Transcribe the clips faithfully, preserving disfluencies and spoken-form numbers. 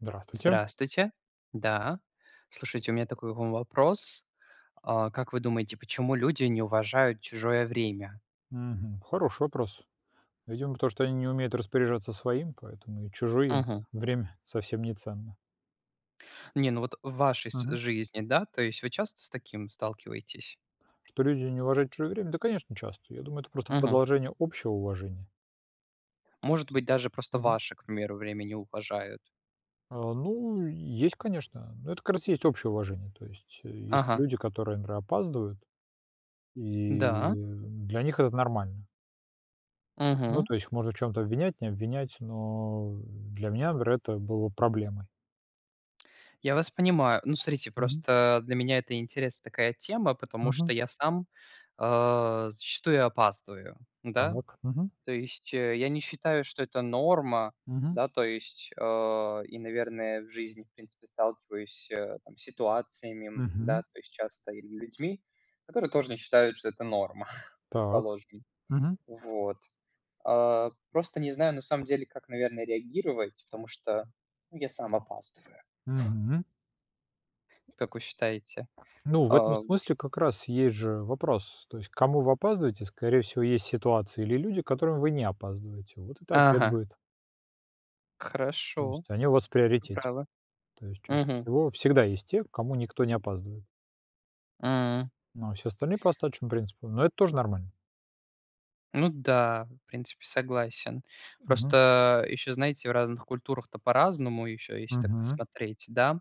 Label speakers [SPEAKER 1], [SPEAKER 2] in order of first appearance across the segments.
[SPEAKER 1] Здравствуйте.
[SPEAKER 2] Здравствуйте. Да, слушайте, у меня такой к вам вопрос. А как вы думаете, почему люди не уважают чужое время?
[SPEAKER 1] Мгм. Хороший вопрос. Видимо, потому что они не умеют распоряжаться своим, поэтому и чужое им
[SPEAKER 2] Мгм.
[SPEAKER 1] время совсем не ценно.
[SPEAKER 2] Не, ну вот в вашей си
[SPEAKER 1] Мгм.
[SPEAKER 2] жизни, да, то есть вы часто с таким сталкиваетесь?
[SPEAKER 1] Что люди не уважают чужое время? Да, конечно, часто. Я думаю, это просто
[SPEAKER 2] Мгм.
[SPEAKER 1] продолжение общего уважения. То есть.
[SPEAKER 2] Может быть, даже просто
[SPEAKER 1] Мгм.
[SPEAKER 2] ваше, к примеру, время не уважают.
[SPEAKER 1] А, ну есть, конечно, но это, как раз, и есть общее уважение. То есть есть
[SPEAKER 2] Ага.
[SPEAKER 1] люди, которые, например, опаздывают,
[SPEAKER 2] Да.
[SPEAKER 1] и для них это нормально. Ну,
[SPEAKER 2] Мгм.
[SPEAKER 1] то есть их можно в чём-то обвинять, не обвинять, но для меня, например, это было проблемой.
[SPEAKER 2] Я вас понимаю. Ну, смотрите,
[SPEAKER 1] Мгм.
[SPEAKER 2] просто для меня это интересная такая тема, потому что
[SPEAKER 1] Мгм.
[SPEAKER 2] я сам, а, зачастую опаздываю. Да?
[SPEAKER 1] Так, мгм.
[SPEAKER 2] То есть я не считаю, что это норма.
[SPEAKER 1] Мгм.
[SPEAKER 2] Да, то есть, э, и, наверное, в жизни, в принципе, сталкиваюсь там с ситуациями, да,
[SPEAKER 1] Мгм.
[SPEAKER 2] то есть часто или людьми, которые тоже не считают, что это норма,
[SPEAKER 1] Так.
[SPEAKER 2] предположим.
[SPEAKER 1] Мгм.
[SPEAKER 2] Вот. А, просто не знаю, на самом деле, как, наверно, реагировать, потому что, ну, я сам опаздываю.
[SPEAKER 1] Мгм.
[SPEAKER 2] Как вы считаете?
[SPEAKER 1] Ну, в этом
[SPEAKER 2] А, м
[SPEAKER 1] смысле как раз есть же вопрос: то есть к кому вы опаздываете. Скорее всего, есть ситуации или люди, к которым вы не опаздываете. Вот это ответ
[SPEAKER 2] Ага.
[SPEAKER 1] будет. То
[SPEAKER 2] Хорошо,
[SPEAKER 1] есть они у вас в
[SPEAKER 2] вы
[SPEAKER 1] приоритете.
[SPEAKER 2] правы.
[SPEAKER 1] То есть чаще
[SPEAKER 2] Мгм.
[SPEAKER 1] всего всегда есть те, к кому никто не опаздывает.
[SPEAKER 2] М.
[SPEAKER 1] Ну, а все остальные по остаточному принципу. Ну это тоже нормально.
[SPEAKER 2] Ну да, в принципе, согласен.
[SPEAKER 1] Мгм.
[SPEAKER 2] Просто ещё знаете, в разных культурах-то по-разному, и ещё если так
[SPEAKER 1] Мгм.
[SPEAKER 2] посмотреть, да.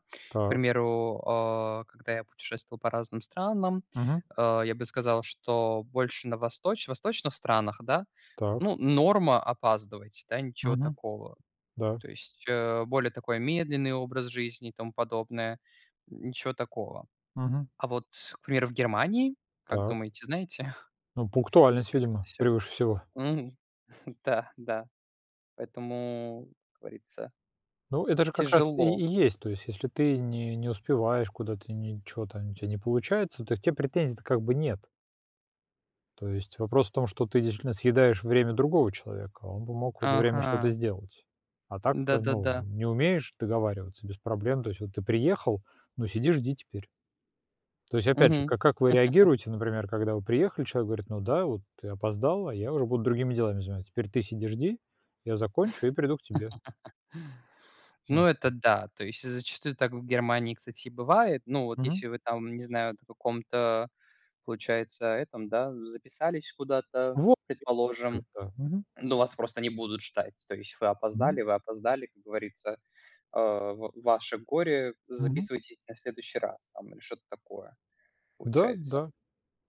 [SPEAKER 2] К
[SPEAKER 1] Так.
[SPEAKER 2] примеру, э, когда я путешествовал по разным странам,
[SPEAKER 1] Мгм.
[SPEAKER 2] э, я бы сказал, что больше на восточ восточных странах, да,
[SPEAKER 1] Так.
[SPEAKER 2] ну, норма- опаздывать, да, ничего
[SPEAKER 1] Мгм.
[SPEAKER 2] такого.
[SPEAKER 1] Да.
[SPEAKER 2] То есть, э, более такой медленный образ жизни и тому подобное, м, ничего такого.
[SPEAKER 1] Мгм.
[SPEAKER 2] А вот, к примеру, в Германии, как
[SPEAKER 1] Так.
[SPEAKER 2] думаете, знаете?
[SPEAKER 1] Ну, пунктуальность,
[SPEAKER 2] Как это
[SPEAKER 1] видимо,
[SPEAKER 2] всё?
[SPEAKER 1] превыше всего.
[SPEAKER 2] Мгм, да, да, поэтому, как говорится
[SPEAKER 1] Ну, это же как раз и
[SPEAKER 2] тяжело.
[SPEAKER 1] и есть, то есть если ты не не успеваешь куда-то, ничего там, у тебя не получается, то к тебе претензий-то как бы нет. То есть вопрос в том, что ты действительно съедаешь время другого человека, он бы мог в это время что-то
[SPEAKER 2] Ага.
[SPEAKER 1] сделать, а так-то, ну,
[SPEAKER 2] Да-да-да.
[SPEAKER 1] не умеешь договариваться без проблем, то есть вот ты приехал, ну сиди, жди теперь. То есть опять же,
[SPEAKER 2] Мгм.
[SPEAKER 1] ка как вы реагируете, например, когда вы приехали, человек говорит: "Ну да, вот ты опоздала, я уже буду другими делами заниматься. Теперь ты сиди жди, я закончу и приду к тебе".
[SPEAKER 2] Ну,
[SPEAKER 1] Ну.
[SPEAKER 2] это да, то есть зачастую так в Германии, кстати, и бывает. Ну, вот если
[SPEAKER 1] Мгм.
[SPEAKER 2] вы там, не знают, о каком-то получается этом, да, записались куда-то,
[SPEAKER 1] Во [unintelligible]
[SPEAKER 2] предположим,
[SPEAKER 1] та. Мгм.
[SPEAKER 2] ну, вас просто не будут ждать. То есть вы
[SPEAKER 1] Мгм.
[SPEAKER 2] опоздали, вы опоздали, как говорится, э, в ваше горе,
[SPEAKER 1] Мгм.
[SPEAKER 2] записывайтесь на следующий раз там или что-то такое,
[SPEAKER 1] Да,
[SPEAKER 2] получается.
[SPEAKER 1] да.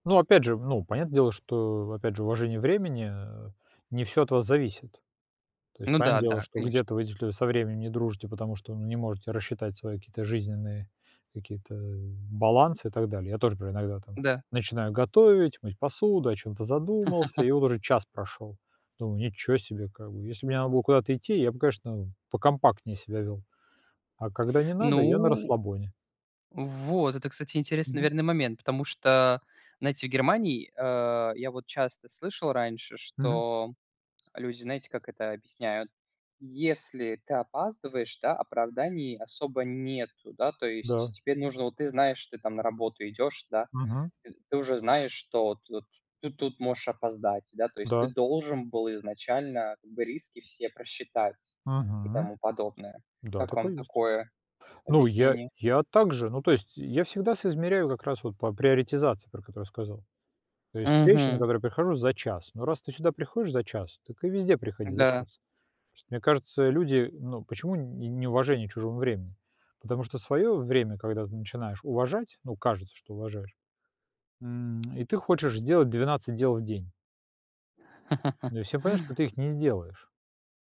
[SPEAKER 1] Ну, опять же, ну, понятное дело, что, опять же, уважение времени, э, не всё от вас зависит. То есть
[SPEAKER 2] Ну да,
[SPEAKER 1] понятное дело,
[SPEAKER 2] да,
[SPEAKER 1] что
[SPEAKER 2] конечно.
[SPEAKER 1] где-то вы, действительно, со временем не дружите, потому что, ну, не можете рассчитать свои какие-то жизненные какие-то, э, балансы и так далее. Я тоже например иногда там
[SPEAKER 2] Да.
[SPEAKER 1] начинаю готовить, мыть посуду, о чем-то задумался и вот уже час прошел. Думаю: "Ничего себе!" Как бы если бы мне надо было куда-то идти, я бы, конечно, покомпактнее себя вёл, а когда не надо- я на
[SPEAKER 2] Ну.
[SPEAKER 1] расслабоне.
[SPEAKER 2] Вот, это кстати интересный
[SPEAKER 1] Мгм.
[SPEAKER 2] наверное момент, потому что знаете в Германии, э, я вот часто слышал раньше,
[SPEAKER 1] Мгм.
[SPEAKER 2] что люди знаете как это объясняют: если ты опаздываешь, да, оправданий особо нету, да. То есть
[SPEAKER 1] Да.
[SPEAKER 2] теперь нужно, вот ты знаешь, ты там на работу идёшь, да.
[SPEAKER 1] Мгм.
[SPEAKER 2] Т ты уже знаешь, что вот вот ты тут можешь опоздать, да. То есть ты
[SPEAKER 1] Да.
[SPEAKER 2] должен был изначально как бы риски все просчитать и
[SPEAKER 1] Мгм.
[SPEAKER 2] тому подобное.
[SPEAKER 1] Да,
[SPEAKER 2] Как вам
[SPEAKER 1] такое есть.
[SPEAKER 2] такое
[SPEAKER 1] Ну, я
[SPEAKER 2] объяснение?
[SPEAKER 1] я также, ну, то есть я всегда соизмеряю как раз вот по приоритизации, про которую я сказал. То есть встреча, на
[SPEAKER 2] Мгм.
[SPEAKER 1] которую я прихожу за час, но раз ты сюда приходишь за час, так и везде приходи за
[SPEAKER 2] Да.
[SPEAKER 1] час. Мне кажется, люди, ну, почему не неуважение чужому времени? Потому что своё время, когда ты начинаешь уважать, ну кажется, что уважаешь, м, и ты хочешь сделать двенадцать дел в день. Ну и всё понятно, что ты их не сделаешь.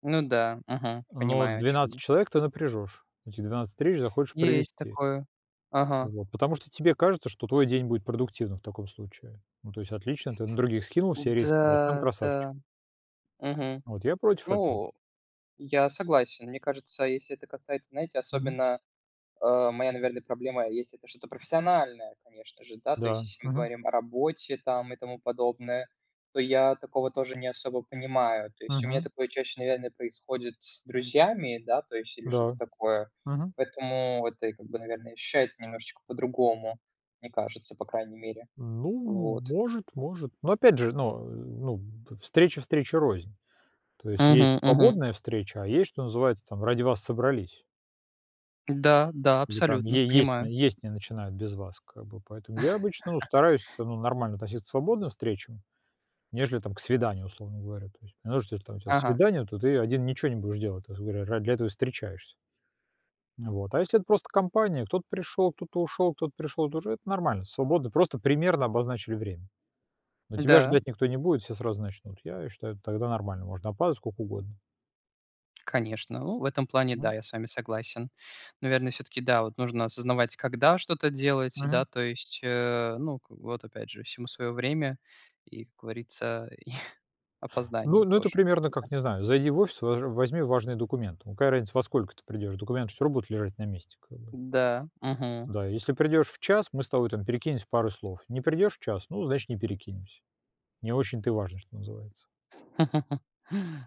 [SPEAKER 2] Ну да, мгм,
[SPEAKER 1] Но
[SPEAKER 2] понимаю о чем
[SPEAKER 1] двенадцать
[SPEAKER 2] вы.
[SPEAKER 1] человек ты напряжёшь, эти двенадцать встреч захочешь
[SPEAKER 2] Есть
[SPEAKER 1] провести.
[SPEAKER 2] такое, ага.
[SPEAKER 1] Вот, потому что тебе кажется, что твой день будет продуктивным в таком случае. Ну, то есть отлично, ты на других скинул все риски, а сам
[SPEAKER 2] Да,
[SPEAKER 1] красавчик.
[SPEAKER 2] да, мгм.
[SPEAKER 1] Вот, я против этого.
[SPEAKER 2] Ну, я согласен. Мне кажется, если это касается, знаете,
[SPEAKER 1] Мгм.
[SPEAKER 2] особенно, э, моя, наверное, проблема есть- это что-то профессиональное, конечно же, да, то есть
[SPEAKER 1] Да.
[SPEAKER 2] если мы
[SPEAKER 1] Мгм.
[SPEAKER 2] говорим о работе там и тому подобное, то я такого тоже не особо понимаю. То есть у меня
[SPEAKER 1] Мгм.
[SPEAKER 2] такое чаще, наверное, происходит с друзьями, да, то есть или что-то
[SPEAKER 1] Да.
[SPEAKER 2] такое,
[SPEAKER 1] Мгм.
[SPEAKER 2] поэтому это, как бы наверное, ощущается немножечко по-другому, мне кажется, по крайней мере.
[SPEAKER 1] Ну,
[SPEAKER 2] Вот.
[SPEAKER 1] может может, но опять же, но, э, ну, б встреча встрече рознь, то есть
[SPEAKER 2] Мгм.
[SPEAKER 1] есть
[SPEAKER 2] Мгм.
[SPEAKER 1] свободная встреча, а есть, что называется там "ради вас собрались".
[SPEAKER 2] Да да,
[SPEAKER 1] Ну, там
[SPEAKER 2] абсолютно
[SPEAKER 1] е есть
[SPEAKER 2] понимаю.
[SPEAKER 1] есть не начинают без вас, как бы, поэтому я обычно стараюсь, ну, нормально относиться к свободным встречам, нежели там к свиданию, условно говоря, то есть. Потому что если у тебя там
[SPEAKER 2] Ага.
[SPEAKER 1] свидание, то ты один ничего не будешь делать, грубо говоря, ради этого встречаешься. Ну вот, а если это просто компания, кто-то пришёл, кто-то ушёл, кто-то пришёл, это уже нормально, свободно, просто примерно обозначили время, но тебя
[SPEAKER 2] Да.
[SPEAKER 1] ждать никто не будет, все сразу начнут. Я считаю, тогда нормально, можно опаздывать сколько угодно.
[SPEAKER 2] Конечно, ну, в этом плане да,
[SPEAKER 1] М.
[SPEAKER 2] я с вами согласен. Наверное, всё-таки да, вот нужно осознавать, когда что-то делать, да,
[SPEAKER 1] Мгм.
[SPEAKER 2] то есть, э, ну, вот опять же, всему своё время и, как говорится, и
[SPEAKER 1] Ну
[SPEAKER 2] опоздание
[SPEAKER 1] ну, это
[SPEAKER 2] тоже.
[SPEAKER 1] примерно как, не знаю, зайди в офис, важ возьми важные документы. Какая разница, во сколько ты придёшь, документы всё равно будут лежать на месте, как бы.
[SPEAKER 2] Да, мгм.
[SPEAKER 1] Да, если придёшь в час, мы с тобой там перекинемся пару слов, не придёшь в час, ну, значит, не перекинемся, не очень-то и важно, что называется.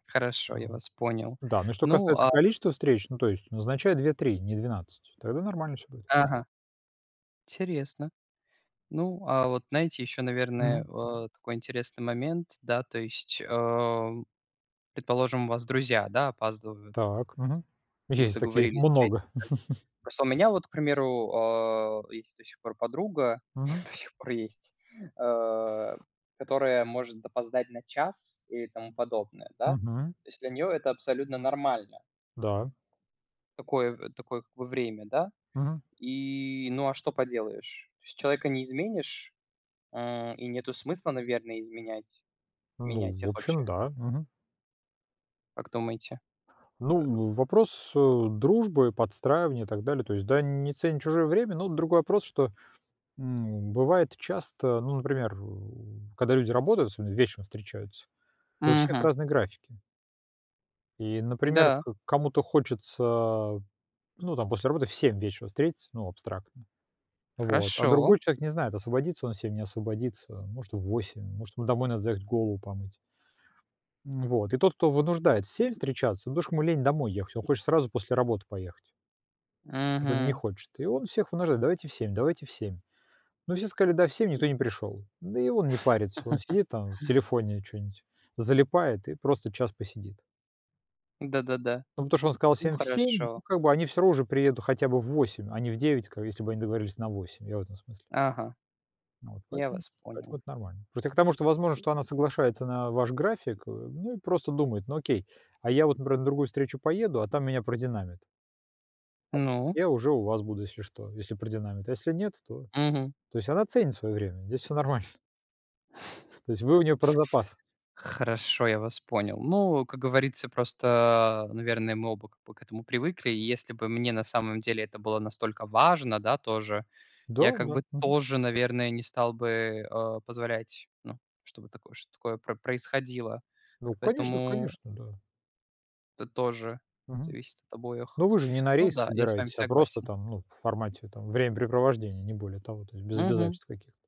[SPEAKER 2] Хорошо, я вас понял.
[SPEAKER 1] Да, но что
[SPEAKER 2] Ну
[SPEAKER 1] касается
[SPEAKER 2] а
[SPEAKER 1] количества встреч, то есть назначай две три, не двенадцать, тогда нормально всё будет.
[SPEAKER 2] Ага. Интересно. Ну, а вот знаете, ещё, наверное,
[SPEAKER 1] Мгм.
[SPEAKER 2] а, такой интересный момент. Да, то есть, а, предположим, у вас друзья, да, опаздывают.
[SPEAKER 1] Так, мгм.
[SPEAKER 2] Вы
[SPEAKER 1] Есть такие,
[SPEAKER 2] договорились
[SPEAKER 1] много.
[SPEAKER 2] встретиться. Просто у меня вот, к примеру, а, есть до сих пор подруга,
[SPEAKER 1] Мгм.
[SPEAKER 2] до сих пор есть, а, которая может опоздать на час и тому подобное, да.
[SPEAKER 1] Мгм.
[SPEAKER 2] То есть, для неё это абсолютно нормально.
[SPEAKER 1] Да.
[SPEAKER 2] Такое такое в время, да.
[SPEAKER 1] Мгм.
[SPEAKER 2] И, ну, а что поделаешь? То есть человека не изменишь, м, и нету смысла, наверное, изменять,
[SPEAKER 1] Ну,
[SPEAKER 2] менять
[SPEAKER 1] в
[SPEAKER 2] их вообще?
[SPEAKER 1] общем, да. Мгм.
[SPEAKER 2] Как думаете? Э
[SPEAKER 1] Ну, вопрос, э, дружбы, подстраивания и так далее, то есть, да, не ценит чужое время, но другой вопрос, что, м, бывает часто, ну, например, у когда люди работают, особенно вечером встречаются, то у всех
[SPEAKER 2] Мгм.
[SPEAKER 1] разные графики. И, например,
[SPEAKER 2] Да.
[SPEAKER 1] к кому-то хочется, ну там после работы в семь вечера встретиться, ну абстрактно, вот. А
[SPEAKER 2] Хорошо.
[SPEAKER 1] другой человек не знает, освободится он в семь, не освободится. Может, в восемь, может, ему домой надо заехать, голову помыть. Вот, и тот, кто вынуждает в семь встречаться, потому что ему лень домой ехать, он хочет сразу после работы поехать. Вот он не
[SPEAKER 2] Мгм.
[SPEAKER 1] хочет, и он всех вынуждает: "Давайте в семь, давайте в семь". Но все сказали: "Да, в семь". Никто не пришёл, да и он не парится, он сидит там в телефоне чё-нибудь, залипает и просто час посидит.
[SPEAKER 2] Да-да-да.
[SPEAKER 1] Ну потому что он сказал
[SPEAKER 2] Ну,
[SPEAKER 1] всем в семь, но
[SPEAKER 2] хорошо.
[SPEAKER 1] как бы они всё равно уже приедут хотя бы в восемь, а не в девять, как если бы они договорились на восемь, я в этом смысле.
[SPEAKER 2] Ага,
[SPEAKER 1] Ну вот,
[SPEAKER 2] я
[SPEAKER 1] поэтому это
[SPEAKER 2] вас понял.
[SPEAKER 1] поэтому это нормально. Просто к тому, что, возможно, она соглашается на ваш график, э, ну и просто думает: "Ну, окей, а я вот, например, на другую встречу поеду, а там меня продинамят". "А так,
[SPEAKER 2] Ну?
[SPEAKER 1] я уже у вас буду, если что, если продинамит, а если нет, то".
[SPEAKER 2] Мгм.
[SPEAKER 1] То есть, она ценит свое время, здесь всё нормально. То есть вы у неё про запас.
[SPEAKER 2] Хорошо, я вас понял. Ну, как говорится, просто, наверное, мы оба как бы к этому привыкли. Если бы мне на самом деле это было настолько важно, да тоже,
[SPEAKER 1] Да
[SPEAKER 2] я как
[SPEAKER 1] да,
[SPEAKER 2] бы
[SPEAKER 1] мгм.
[SPEAKER 2] тоже, наверное, не стал бы, э, позволять, ну, чтобы так чтобы такое происходило.
[SPEAKER 1] Ну, конечно
[SPEAKER 2] Поэтому
[SPEAKER 1] конечно, да.
[SPEAKER 2] Это тоже
[SPEAKER 1] Мгм.
[SPEAKER 2] зависит от обоих.
[SPEAKER 1] Ну, вы же не на
[SPEAKER 2] Ну
[SPEAKER 1] рейс
[SPEAKER 2] да, я с вами
[SPEAKER 1] собираетесь, а просто
[SPEAKER 2] согласен.
[SPEAKER 1] там, ну, в формате там времяпрепровождения, не более того, то есть без
[SPEAKER 2] Мгм.
[SPEAKER 1] обязательств каких-то.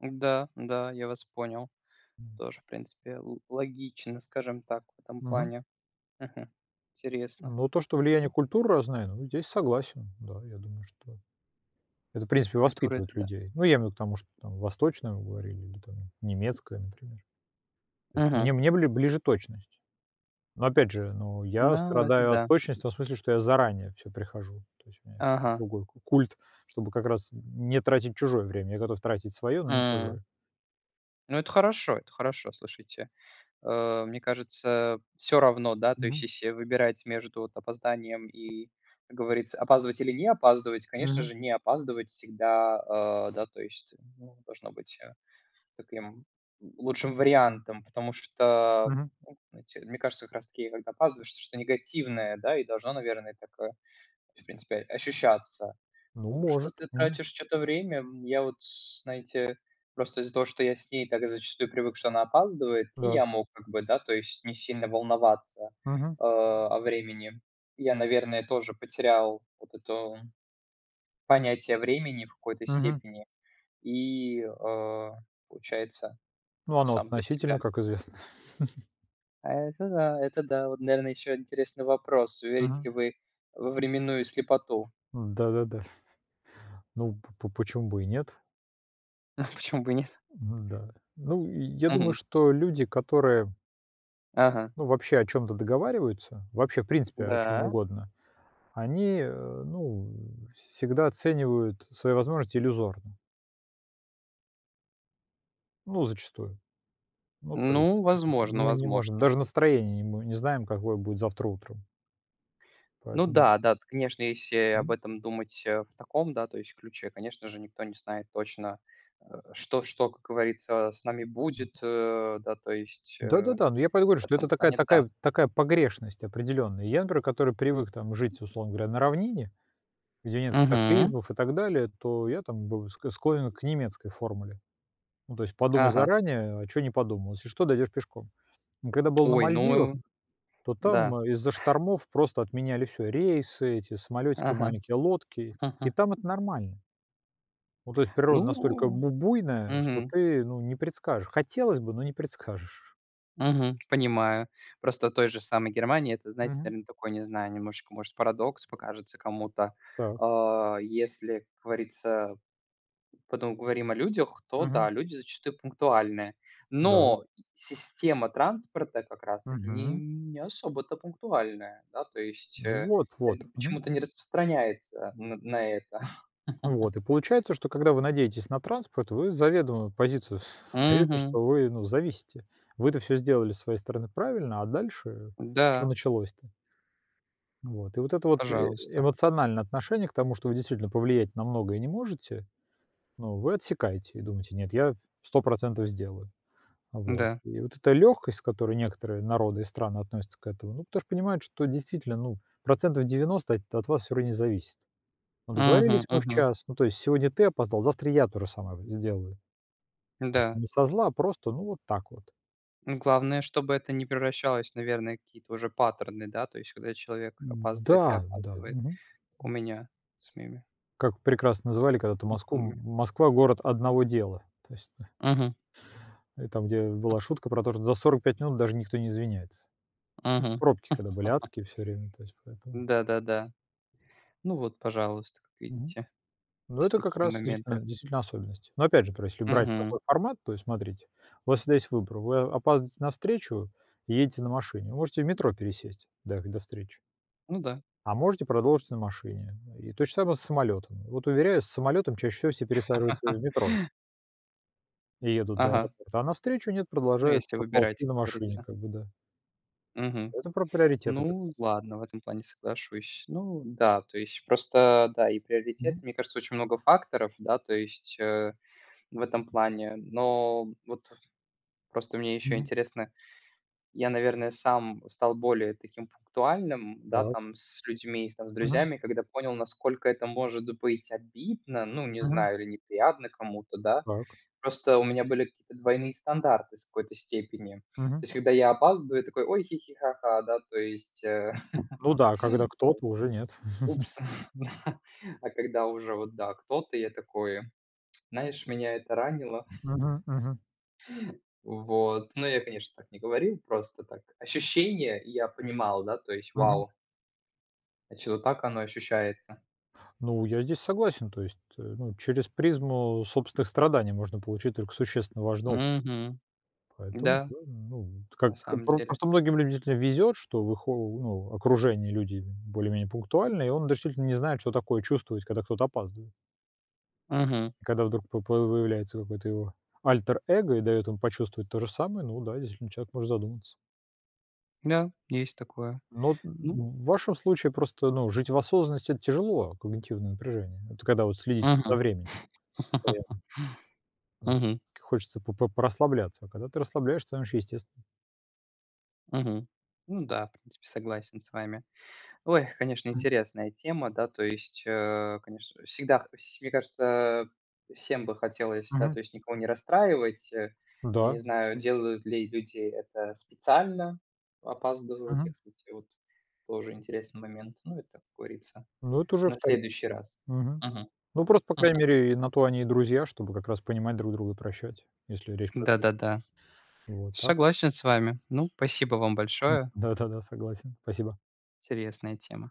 [SPEAKER 2] Да, да, я вас понял.
[SPEAKER 1] М.
[SPEAKER 2] Тоже, в принципе, лог логично, скажем так, в этом
[SPEAKER 1] Мгм.
[SPEAKER 2] плане. Мгм, интересно.
[SPEAKER 1] Ну, то, что влияние
[SPEAKER 2] М.
[SPEAKER 1] культур разное, ну, здесь согласен, да, я думаю, что это, в принципе,
[SPEAKER 2] Культура- это
[SPEAKER 1] воспитывать
[SPEAKER 2] да.
[SPEAKER 1] людей. Ну, я имею в виду к тому, что там восточную говорили или там немецкое, например. То есть.
[SPEAKER 2] Мгм.
[SPEAKER 1] Мне мне бли ближе точность, но опять же, но я
[SPEAKER 2] Ну, это
[SPEAKER 1] страдаю от
[SPEAKER 2] да.
[SPEAKER 1] точности в том смысле, что я заранее всё прихожу, то есть у меня ещё
[SPEAKER 2] Ага.
[SPEAKER 1] другой ку культ, чтобы как раз не тратить чужое время, я готов тратить свое, но не
[SPEAKER 2] М.
[SPEAKER 1] чужое.
[SPEAKER 2] Ну, это хорошо, это хорошо, слушайте. Э, мне кажется, всё равно, да, то есть,
[SPEAKER 1] Мгм.
[SPEAKER 2] если выбирать между вот опозданием и, как говорится, опаздывать или не опаздывать, конечно
[SPEAKER 1] Мгм.
[SPEAKER 2] же, не опаздывать всегда, э, да, то есть, ну, должно быть таким лучшим вариантом. Потому что,
[SPEAKER 1] Мгм.
[SPEAKER 2] ну, знаете, мне кажется, как раз таки когда опаздываешь, что-то негативное, да, и должно, наверное, так, э, в принципе, ощущаться.
[SPEAKER 1] Ну,
[SPEAKER 2] Что
[SPEAKER 1] может.
[SPEAKER 2] ты
[SPEAKER 1] Мгм.
[SPEAKER 2] тратишь чьё-то время. Я вот, знаете, просто из-за того, что я с ней так зачастую привык, что она опаздывает, и
[SPEAKER 1] Да.
[SPEAKER 2] я мог, как бы, да, то есть не сильно волноваться,
[SPEAKER 1] Мгм.
[SPEAKER 2] э, о времени. Я, наверное, тоже потерял вот эту понятие времени в какой-то
[SPEAKER 1] Мгм.
[SPEAKER 2] степени, и, э, получается
[SPEAKER 1] Ну, оно
[SPEAKER 2] сам для
[SPEAKER 1] относительно,
[SPEAKER 2] себя.
[SPEAKER 1] как известно.
[SPEAKER 2] А это да, это да. Вот, наверное, еще интересный вопрос: верите
[SPEAKER 1] Мгм.
[SPEAKER 2] ли вы в временную слепоту?
[SPEAKER 1] Да-да-да. Ну, поч почему бы и нет?
[SPEAKER 2] Почему бы и нет?
[SPEAKER 1] Н-да. Ну, я думаю,
[SPEAKER 2] Мгм.
[SPEAKER 1] что люди, которые
[SPEAKER 2] Ага.
[SPEAKER 1] ну, вообще, о чем-то договариваются, вообще, в принципе, о чем
[SPEAKER 2] Да.
[SPEAKER 1] угодно, они, э, ну, всегда оценивают свои возможности иллюзорно. Ну, зачастую. Ну, то есть,
[SPEAKER 2] Ну, возможно
[SPEAKER 1] мы не можем
[SPEAKER 2] возможно.
[SPEAKER 1] даже настроение не мо знаем, какое будет завтра утром.
[SPEAKER 2] Ну
[SPEAKER 1] Поэтому
[SPEAKER 2] да, да, т конечно, если об
[SPEAKER 1] Мгм.
[SPEAKER 2] этом думать в таком да, то есть ключе, конечно же, никто не знает точно, что что, как говорится, с нами будет, э, да, то есть, э,
[SPEAKER 1] Да, да, да. Ну, я поэтому говорю,
[SPEAKER 2] в
[SPEAKER 1] что это
[SPEAKER 2] этом
[SPEAKER 1] такая
[SPEAKER 2] плане да.
[SPEAKER 1] такая такая погрешность определённая. Я, например, который привык там жить, условно говоря, на равнине, где нет
[SPEAKER 2] Мгм.
[SPEAKER 1] катаклизмов и так далее, то я там бы склонен к немецкой формуле. Ну то есть, подумай
[SPEAKER 2] Ага.
[SPEAKER 1] заранее, а что не подумал, если что, дойдёшь пешком. Когда был на
[SPEAKER 2] Ой,
[SPEAKER 1] Мальдивах,
[SPEAKER 2] ну
[SPEAKER 1] то
[SPEAKER 2] да.
[SPEAKER 1] там из-за штормов просто отменяли всё: рейсы, эти самолетики
[SPEAKER 2] Ага.
[SPEAKER 1] маленькие, лодки, и там это нормально. Ну, то есть природа настолько
[SPEAKER 2] Ну,
[SPEAKER 1] бу буйная, что
[SPEAKER 2] мгм.
[SPEAKER 1] ты, ну, не предскажешь, хотелось бы, но не предскажешь.
[SPEAKER 2] Мгм, понимаю. Просто в той же самой Германии это, знаете,
[SPEAKER 1] Мгм.
[SPEAKER 2] такой, наверное, не знаю, немножечко, может, парадокс покажется кому-то.
[SPEAKER 1] Так.
[SPEAKER 2] А, если, как говорится, потом говорим о людях, то да,
[SPEAKER 1] Мгм.
[SPEAKER 2] люди зачастую пунктуальны.
[SPEAKER 1] Да.
[SPEAKER 2] Но система транспорта как раз таки не
[SPEAKER 1] Мгм.
[SPEAKER 2] не особо-то пунктуальна. Да, то есть
[SPEAKER 1] Ну вот, вот, мгм.
[SPEAKER 2] почему-то не распространяется на на это.
[SPEAKER 1] Вот и получается, что когда вы надеетесь на транспорт, вы заведомую позицию с ставите,
[SPEAKER 2] Мгм.
[SPEAKER 1] что вы, ну, зависите. Вы-то всё сделали со своей стороны правильно, а дальше чё
[SPEAKER 2] Да.
[SPEAKER 1] началось-то? Вот, и вот это вот э
[SPEAKER 2] Пожалуйста.
[SPEAKER 1] эмоциональное отношение к тому, что вы действительно повлиять на многое не можете, ну, вы отсекаете и думаете: "Нет, я сто процентов сделаю". Вот,
[SPEAKER 2] Да.
[SPEAKER 1] и вот эта лёгкость, с которой некоторые народы и страны относятся к этому, ну, потому что понимают, что действительно, ну, процентов девяносто от н вас всё равно не зависит. Ну,
[SPEAKER 2] Мгм,
[SPEAKER 1] договорились мы в
[SPEAKER 2] мгм.
[SPEAKER 1] час, ну, то есть сегодня ты опоздал, завтра я то же самое в ё сделаю. То есть
[SPEAKER 2] Да.
[SPEAKER 1] не со зла, просто вот так вот.
[SPEAKER 2] Главное, чтобы это не превращалось в, наверное, какие-то уже паттерны, да, то есть, когда человек опаздывает и
[SPEAKER 1] Да, да,
[SPEAKER 2] опаздывает,
[SPEAKER 1] мгм,
[SPEAKER 2] как у
[SPEAKER 1] м.
[SPEAKER 2] меня с моими
[SPEAKER 1] Как прекрасно называли когда-то Москву:
[SPEAKER 2] знакомыми.
[SPEAKER 1] "М Москва- город одного дела". То есть, ну
[SPEAKER 2] Мгм.
[SPEAKER 1] И там, где была шутка про то, что за сорок пять минут даже никто не извиняется.
[SPEAKER 2] Мгм.
[SPEAKER 1] Пробки когда были адские всё время, то есть поэтому.
[SPEAKER 2] Да-да-да. Ну вот, пожалуйста, как
[SPEAKER 1] Мгм,
[SPEAKER 2] видите,
[SPEAKER 1] ну
[SPEAKER 2] есть
[SPEAKER 1] это как
[SPEAKER 2] такие
[SPEAKER 1] раз, действительно
[SPEAKER 2] моменты.
[SPEAKER 1] действительно особенность, но опять же, пр если брать
[SPEAKER 2] Мгм.
[SPEAKER 1] такой формат, то есть смотрите, у вас всегда есть выбор: вы опаздываете на встречу и едете на машине, можете в метро пересесть до до встречи.
[SPEAKER 2] Ну да.
[SPEAKER 1] А можете продолжить на машине, и то же самое с самолётом. Вот уверяю, с самолётом чаще всего все пересаживаются в метро. И едут до
[SPEAKER 2] Ага.
[SPEAKER 1] аэропорта, а навстречу нет,
[SPEAKER 2] Ну,
[SPEAKER 1] продолжают
[SPEAKER 2] если выбирать,
[SPEAKER 1] проползти
[SPEAKER 2] как
[SPEAKER 1] на машине,
[SPEAKER 2] говорится.
[SPEAKER 1] как бы, да.
[SPEAKER 2] Мгм.
[SPEAKER 1] Это про приоритеты как раз.
[SPEAKER 2] Ну ладно, в этом плане соглашусь. Ну да, то есть просто, да, и приоритет,
[SPEAKER 1] Мгм.
[SPEAKER 2] мне кажется, очень много факторов, да, то есть в этом плане. Но вот просто мне еще
[SPEAKER 1] Мгм.
[SPEAKER 2] интересно. Я, наверное, сам стал более таким пунктуальным, да,
[SPEAKER 1] Так.
[SPEAKER 2] там с людьми, с
[SPEAKER 1] Мгм.
[SPEAKER 2] друзьями, когда понял, насколько это может быть обидно, ну, не
[SPEAKER 1] Мгм.
[SPEAKER 2] знаю, или неприятно кому-то, да.
[SPEAKER 1] Так.
[SPEAKER 2] Просто у меня были какие-то двойные стандарты в какой-то степени. То
[SPEAKER 1] Мгм.
[SPEAKER 2] есть когда я опаздываю, такой: "Ой-хи-хи, ха-ха", да, то есть,
[SPEAKER 1] Ну да, когда кто-то уже нет.
[SPEAKER 2] вот упс. А когда уже вот, да, кто-то, я такой, знаешь, меня это ранило.
[SPEAKER 1] Мгм, мгм.
[SPEAKER 2] Вот, ну я, конечно, так не говорил. Просто так ощущение я понимал. Да, то есть
[SPEAKER 1] Мгм.
[SPEAKER 2] вау. Значит, вот так оно ощущается.
[SPEAKER 1] Ну, я здесь согласен, то есть, э, ну, через призму собственных страданий можно получить только существенно важный оп
[SPEAKER 2] Мгм.
[SPEAKER 1] Поэтому,
[SPEAKER 2] Да,
[SPEAKER 1] да, ну, как
[SPEAKER 2] на самом
[SPEAKER 1] пр
[SPEAKER 2] деле.
[SPEAKER 1] просто многим любителям везет, что в их о ну, окружении люди более-менее пунктуальны, и он действительно не знает, что такое чувствовать, когда кто-то опаздывает.
[SPEAKER 2] Мгм.
[SPEAKER 1] Когда вдруг по появляется какое-то его альтер-эго и дает ему почувствовать то же самое, ну да, действительно человек может задуматься.
[SPEAKER 2] Да, есть такое,
[SPEAKER 1] Ну,
[SPEAKER 2] ну
[SPEAKER 1] в вашем случае просто, ну, жить в осознанности- это тяжело, а когнитивное напряжение- это когда вот следить за
[SPEAKER 2] Мгм.
[SPEAKER 1] временем постоянно. Вот.
[SPEAKER 2] Мгм.
[SPEAKER 1] Хочется п п порасслабляться, а когда ты расслабляешься, там еще естест
[SPEAKER 2] Мгм. Ну да, в принципе, согласен с вами. Ой, конечно,
[SPEAKER 1] М.
[SPEAKER 2] интересная тема, да, то есть, э. Конечно, всегда все мне кажется, всем бы хотелось, да,
[SPEAKER 1] Мгм.
[SPEAKER 2] то есть, никого не расстраивать.
[SPEAKER 1] Да.
[SPEAKER 2] Не знаю, делают ли люди это специально, опаздывают те,
[SPEAKER 1] Мгм.
[SPEAKER 2] кстати, вот. Тоже интересный момент, ну, это, как говорится,
[SPEAKER 1] Ну, это уже
[SPEAKER 2] на
[SPEAKER 1] втори
[SPEAKER 2] следующий раз.
[SPEAKER 1] Мгм.
[SPEAKER 2] Мгм.
[SPEAKER 1] Ну, просто, по
[SPEAKER 2] Мгм.
[SPEAKER 1] крайней мере, на то они и друзья, чтобы как раз понимать друг друга, прощать, если речь про. [unintelligible]
[SPEAKER 2] Да-да-да.
[SPEAKER 1] Вот так.
[SPEAKER 2] Согласен с вами. Ну, спасибо вам большое.
[SPEAKER 1] Да-да-да, согласен. Спасибо.
[SPEAKER 2] Интересная тема.